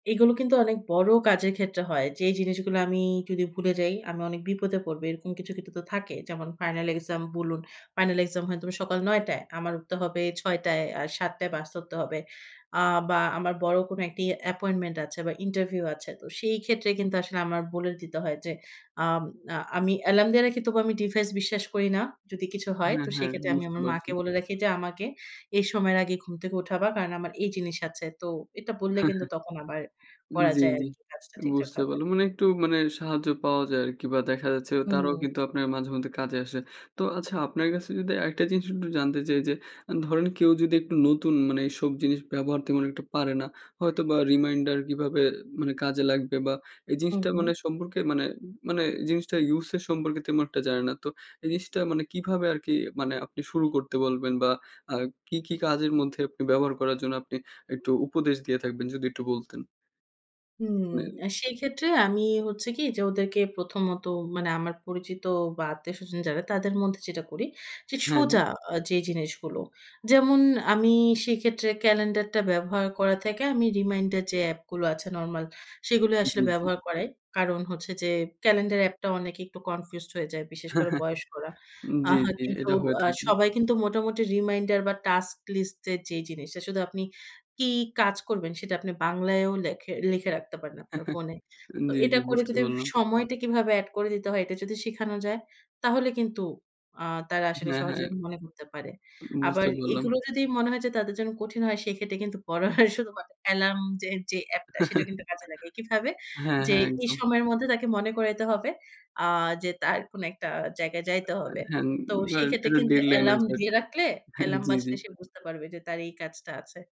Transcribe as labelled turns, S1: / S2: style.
S1: এগুলো কিন্তু অনেক বড় কাজের ক্ষেত্রে হয়। যে জিনিসগুলা আমি যদি ভুলে যাই আমি অনেক বিপদে পড়বো। এরকম কিছু, কিছু তো থাকে। যেমন final exam বলুন। Final exam হয় সকাল ৯ টায়। আমার উঠতে হবে ৬ টায়। আ ৭ টায় বাস ধরতে হবে। অ্যা বা আমার বড় কোন একটি appointment আছে বা interview আছে। তো সেইক্ষেত্রে কিন্তু আসলে আমার বলে দিতে হয় যে আম আ আমি অ্যালার্ম দিয়ে রাখি তবু আমি device বিশ্বাস করি না। যদি কিছু হয়।
S2: হ্যাঁ,
S1: তো
S2: হ্যাঁ।
S1: সেইক্ষেত্রে আমি
S2: বুঝতে
S1: আমার
S2: পারছি।
S1: মাকে বলে রাখি যে আমাকে এই সময়ের আগে ঘুম থেকে উঠাবা। কারণ আমার এই জিনিস আছে। তো এটা বললে কিন্তু তখন আবার করা
S2: জি,
S1: যায়
S2: জি।
S1: আরকি কাজটা
S2: বুঝতে
S1: ঠিকঠাকভাবে।
S2: পারলাম। মানে একটু মানে সাহায্য পাওয়া যায় আরকি বা দেখা যাচ্ছে
S1: হু,
S2: তারাও
S1: হু।
S2: কিন্তু আপনার মাঝেমধ্যে কাজে আসে। তো আচ্ছা আপনার কাছে যদি আরেকটা জিনিস একটু জানতে চাই যে আ ধরেন কেউ যদি একটু নতুন মানে এইসব জিনিস ব্যবহার তেমন একটু পারে না, হয়তো বা reminder কিভাবে মানে কাজে লাগবে বা এই
S1: হু,
S2: জিনিসটা
S1: হু।
S2: মানে সম্পর্কে মানে মানে জিনিসটা ইউজের সম্পর্কে তেমন একটা জানে না। তো এই জিনিসটা মানে কিভাবে আরকি মানে আপনি শুরু করতে বলবেন বা আ কী, কী কাজের মধ্যে আপনি ব্যবহার করার জন্য আপনি একটু উপদেশ দিয়ে থাকবেন? যদি একটু বলতেন।
S1: হু,
S2: নেন।
S1: অ্যা সেইক্ষেত্রে আমি হচ্ছে কি? যে ওদেরকে প্রথমত মানে আমার পরিচিত বা আত্মীয়স্বজন যারা তাদের মধ্যে যেটা করি যে
S2: হ্যাঁ, হ্যাঁ।
S1: সোজা আ যে জিনিসগুলো যেমন আমি সেক্ষেত্রে ক্যালেন্ডারটা ব্যবহার করা থেকে আমি reminder যে এপগুলো আছে নরমাল সেগুলো
S2: জি,
S1: আসলে
S2: জি।
S1: ব্যবহার করাই। কারণ হচ্ছে যে ক্যালেন্ডার অ্যাাপটা অনেকে একটু confused হয়ে যায়। বিশেষ করে বয়স্করা।
S2: জি,
S1: আহ
S2: জি।
S1: কিন্তু
S2: এটা হয়ে
S1: আ
S2: থাকে।
S1: সবাই কিন্তু মোটামুটি reminder বা task list এর যে জিনিসটা শুধু আপনি কি কাজ করবেন সেটা আপনি বাংলায়ও লেখে লিখে রাখতে পারেন আপনার ফোনে। তো
S2: জি,
S1: এটা
S2: জি।
S1: করে
S2: বুঝতে
S1: যদি
S2: পারলাম।
S1: সময়টা কিভাবে এড করে দিতে হয় এটা যদি শিখানো যায় তাহলে কিন্তু আ তারা আসলে
S2: হ্যাঁ,
S1: সহজে
S2: হ্যাঁ।
S1: মনে করতে পারে।
S2: উ
S1: আবার
S2: বুঝতে পারলাম।
S1: এগুলো যদি মনে হয় যে তাদের জন্য কঠিন হয় সেক্ষেত্রে কিন্তু পড়া হয় শুধুমাত্র এলার্ম যে যেই অ্যাপটা সেটা কিন্তু কাজে লাগাই। কিভাবে?
S2: হ্যাঁ,
S1: যে
S2: হ্যাঁ।
S1: এই
S2: একদম।
S1: সময়ের মধ্যে তাকে মনে করাইতে হবে আ যে তার কোন একটা জায়গায় যাইতে
S2: অ্যা
S1: হবে।
S2: হ্যাঁন
S1: তো
S2: ধরেন
S1: সেক্ষেত্রে
S2: কোনো
S1: কিন্তু
S2: ডেডলাইন
S1: এলার্ম
S2: আছে
S1: দিয়ে
S2: আরকি।
S1: রাখলে
S2: হ্যাঁ,
S1: এলার্ম
S2: জি, জি।
S1: বাজলে সে বুঝতে পারবে যে তার এই কাজটা আছে।